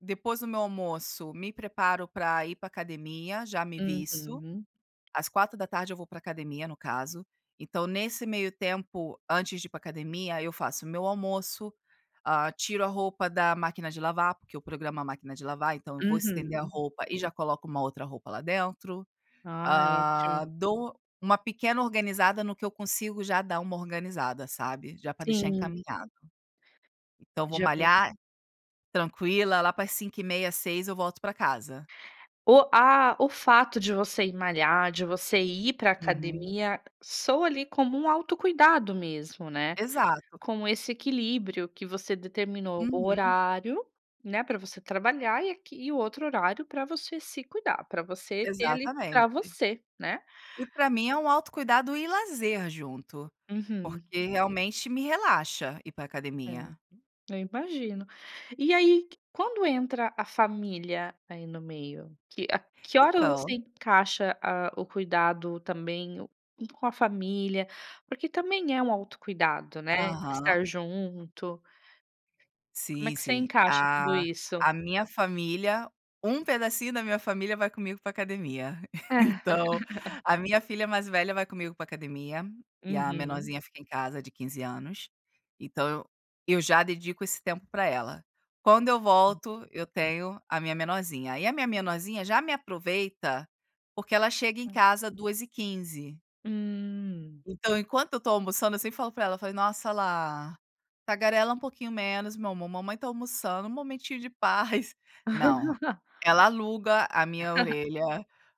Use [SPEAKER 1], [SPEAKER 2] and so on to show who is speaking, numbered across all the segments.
[SPEAKER 1] Depois do meu almoço, me preparo para ir para a academia, já me visto.
[SPEAKER 2] Uhum.
[SPEAKER 1] Às 16h, eu vou pra academia, no caso. Então nesse meio tempo, antes de ir pra academia, eu faço o meu almoço, ah, tiro a roupa da máquina de lavar, porque eu programo a máquina de lavar, então eu vou estender a
[SPEAKER 2] Uhum.
[SPEAKER 1] roupa, e já coloco uma outra roupa lá dentro.
[SPEAKER 2] Ah,
[SPEAKER 1] Hã,
[SPEAKER 2] ótimo.
[SPEAKER 1] dou uma pequena organizada no que eu consigo, já dá uma organizada, sabe? Já para deixar
[SPEAKER 2] Sim.
[SPEAKER 1] encaminhado. Então vou
[SPEAKER 2] Já para
[SPEAKER 1] malhar, tranquila. Lá para as 17:30, 18h, eu volto para casa.
[SPEAKER 2] O a o fato de você ir malhar, de você ir para a
[SPEAKER 1] Uhum.
[SPEAKER 2] academia, soa ali como um autocuidado mesmo, né.
[SPEAKER 1] Exato.
[SPEAKER 2] Com esse equilíbrio que você determinou o
[SPEAKER 1] Uhum.
[SPEAKER 2] horário, né, para você trabalhar, e aqui e o outro horário para você se cuidar, para você ter ali para
[SPEAKER 1] Exatamente.
[SPEAKER 2] você, né?
[SPEAKER 1] E, para mim, é um autocuidado e lazer junto,
[SPEAKER 2] Uhum.
[SPEAKER 1] porque realmente me relaxa ir pra
[SPEAKER 2] É.
[SPEAKER 1] academia.
[SPEAKER 2] Eu imagino. E aí, quando entra a família, aí, no meio? Que a que hora você
[SPEAKER 1] Então.
[SPEAKER 2] encaixa, ah, o cuidado também, um com a família, porque também é um autocuidado, né,
[SPEAKER 1] Aham.
[SPEAKER 2] estar junto como é
[SPEAKER 1] Sim,
[SPEAKER 2] que você
[SPEAKER 1] sim.
[SPEAKER 2] encaixa
[SPEAKER 1] A
[SPEAKER 2] tudo isso?
[SPEAKER 1] a minha família, um pedacinho da minha família, vai comigo pra academia. Então, a minha filha mais velha vai comigo pra academia, e a
[SPEAKER 2] Uhum.
[SPEAKER 1] menorzinha fica em casa, de 15 anos. Então, eu eu já dedico esse tempo pra ela. Quando eu volto, eu tenho a minha menorzinha. E a minha menorzinha já me aproveita, porque ela chega em
[SPEAKER 2] Hã.
[SPEAKER 1] casa 14:15.
[SPEAKER 2] Hum.
[SPEAKER 1] Então, enquanto eu estou almoçando eu sempre falo para ela, falei: "Nossa, Lá, tagarela um pouquinho menos, meu amor! Mamãe está almoçando, um momentinho de paz". Não, ela aluga a minha orelha,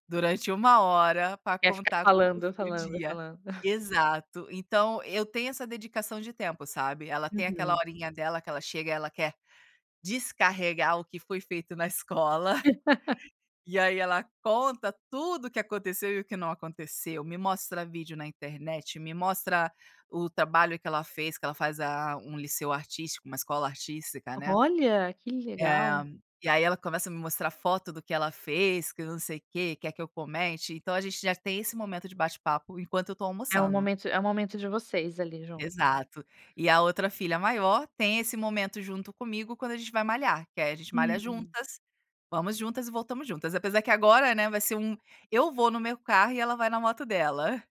[SPEAKER 1] durante 1 hora, pra
[SPEAKER 2] Quer ficar
[SPEAKER 1] contar como que
[SPEAKER 2] falando,
[SPEAKER 1] foi o
[SPEAKER 2] falando,
[SPEAKER 1] dia.
[SPEAKER 2] falando?
[SPEAKER 1] Exato, então eu tenho essa dedicação de tempo, sabe? Ela tem aquela
[SPEAKER 2] Uhum.
[SPEAKER 1] horinha dela que ela chega e ela quer descarregar o que foi feito na escola. E aí, ela conta tudo o que aconteceu e o que não aconteceu. Me mostra vídeo na internet, me mostra o trabalho que ela fez, que ela faz, ah, um liceu artístico, uma escola artística, né.
[SPEAKER 2] Olha, que
[SPEAKER 1] Eh,
[SPEAKER 2] legal!
[SPEAKER 1] e aí ela começa a me mostrar foto do que ela fez, que não sei o quê, quer que eu comente, então a gente já tem esse momento de bate-papo enquanto eu tô
[SPEAKER 2] É um
[SPEAKER 1] almoçando.
[SPEAKER 2] momento é um momento de vocês ali, jun
[SPEAKER 1] Exato. E a outra filha maior tem esse momento junto comigo quando a gente vai malhar, que aí a gente malha
[SPEAKER 2] Uhum.
[SPEAKER 1] juntas. Vamos juntas e voltamos juntas, apesar de que agora, né, vai ser um Eu vou no meu carro e ela vai na moto dela.